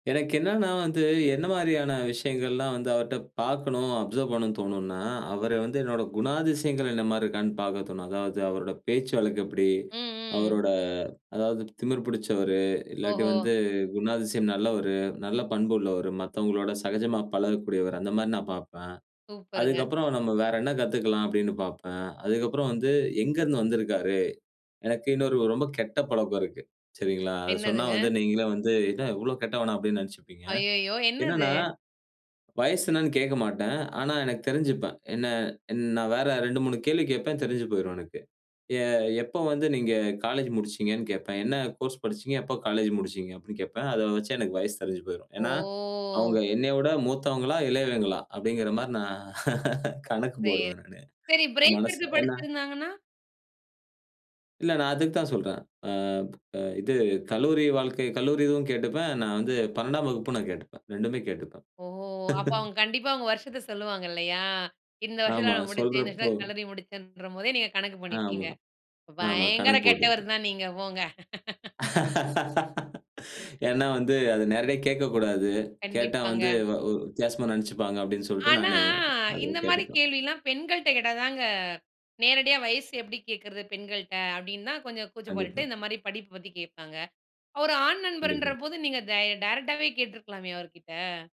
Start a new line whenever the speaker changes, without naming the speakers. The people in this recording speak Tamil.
எனக்கு என்னன்னா, வந்து என்ன மாரியான விஷயங்கள்லாம் வந்து அவர்ட்ட பார்க்கணும் அப்சர்வ் பண்ணணும்னு தோணும்னா, அவரு வந்து என்னோட குணாதிசயங்கள் என்னமாரி இருக்கான்னு பார்க்க தோணும். அதாவது, அவரோட பேச்சு வழக்கு எப்படி?
ம். ம்.
அவரோட அதாவது திமிர் பிடிச்சவரு, இல்லாட்டி
ஓஹோ!
வந்து குணாதிசயம் நல்லவரு. நல்ல பண்புள்ளவரு. மத்தவங்களோட சகஜமா பழகக்கூடியவர். அந்த மாரி நான் பார்ப்பேன்,
சூப்பருங்க!
அதுக்கப்புறம், நம்ம வேற என்ன கத்துக்கலாம்? அப்பிடின்னு பார்ப்பேன், அதுக்கப்புறம் வந்து எங்கருந்து வந்திருக்காரு? எனக்கு இன்னொரு ரொம்ப கெட்ட பழக்கம் இருக்கு, சரிங்களா? அதை சொன்னா
என்னதுங்க?
வந்து நீங்களே வந்து, என்ன இவ்வளோ கெட்டவனா? அப்படினு நினைச்சுப்பீங்க.
அய்யயோ! என்னது?
என்னன்னா, வயது என்னனு கேட்க மாட்டேன். ஆனா, எனக்கு தெரிஞ்சுப்பேன். என்ன, என் நான் வேற 2, 3 கேள்வி கேட்பேன், தெரிஞ்சு போயிரும் எனக்கு. எ எப்போ வந்து நீங்க காலேஜ் முடிச்சீங்கன்னு கேட்பேன், "என்ன கோர்ஸ் படிச்சீங்க? எப்போ காலேஜ் முடிச்சீங்க?" அப்படின்னு கேட்பேன். அதை வச்சு எனக்கு வயசு தெரிஞ்சு போயிரும். ஏன்னா,
ஓ!
அவங்க என்னைய விட மூத்தவங்களா, இளையவங்களா? அப்படிங்கிற மாரி நான் கணக்கு
சேரி.
போடுவேன் நானு,
சரி, பிரேக் எடுத்து
மனசில. ஏன்னா
படிச்சிருந்தாங்கன்னா?
இல்ல, நான் அதுக்கு தான் சொல்றேன். ஆ அ இது கல்லூரி வாழ்க்கை கல்லூரி இதுவும் கேட்டுப்பேன். நான் வந்து 12 வகுப்பு நான் கேட்டுப்பேன். 2 ம்மே கேட்டுப்பேன்.
ஓ! அப்ப, அவுங்க கண்டிப்பா அவுங்க வருஷத்தை சொல்லுவாங்க, இல்லையா. இந்த வருஷத்தில
ஆமா.
நான் முடிச்சேன். இந்த
சொல்றப்போ
வருஷத்தில கல்லூரி முடிச்சேன்ற போதே, நீங்க கணக்கு பண்ணிப்பீங்க.
ஆமா. ஆமா.
பயங்கர
கணக்கு
கெட்டவரு
போட்டுப்பேன்.
தான் நீங்க. போங்க.
ஏன்னா வந்து அதை நேரடியா கேட்கக்கூடாது, கேட்டா வந்து
கண்டிப்பாங்க.
வ வ் வித்தியாசமா நினைச்சுப்பாங்க அப்படின்னு சொல்லிட்டு,
ஆனா,
நானு அதை
இந்த மாரி
கேட்டுப்பேன்.
கேள்வில்லாம் பெண்கள்ட்ட கேட்டா தாங்க நேரடியா வயசு எப்படி கேட்கிறது, பெண்கள்ட்ட. அப்படினு தான் கொஞ்சம் கூச்சம்
கண்டிப்பா.
பட்டுட்டு, இந்த மாரி படிப்பை பத்தி கேட்பாங்க, ஒரு ஆண் நண்பர்ன்ற
கண்டிப்பா.
போது நீங்க தை டைரக்ட்டாவே கேட்டிருக்கலாமே, அவருகிட்ட.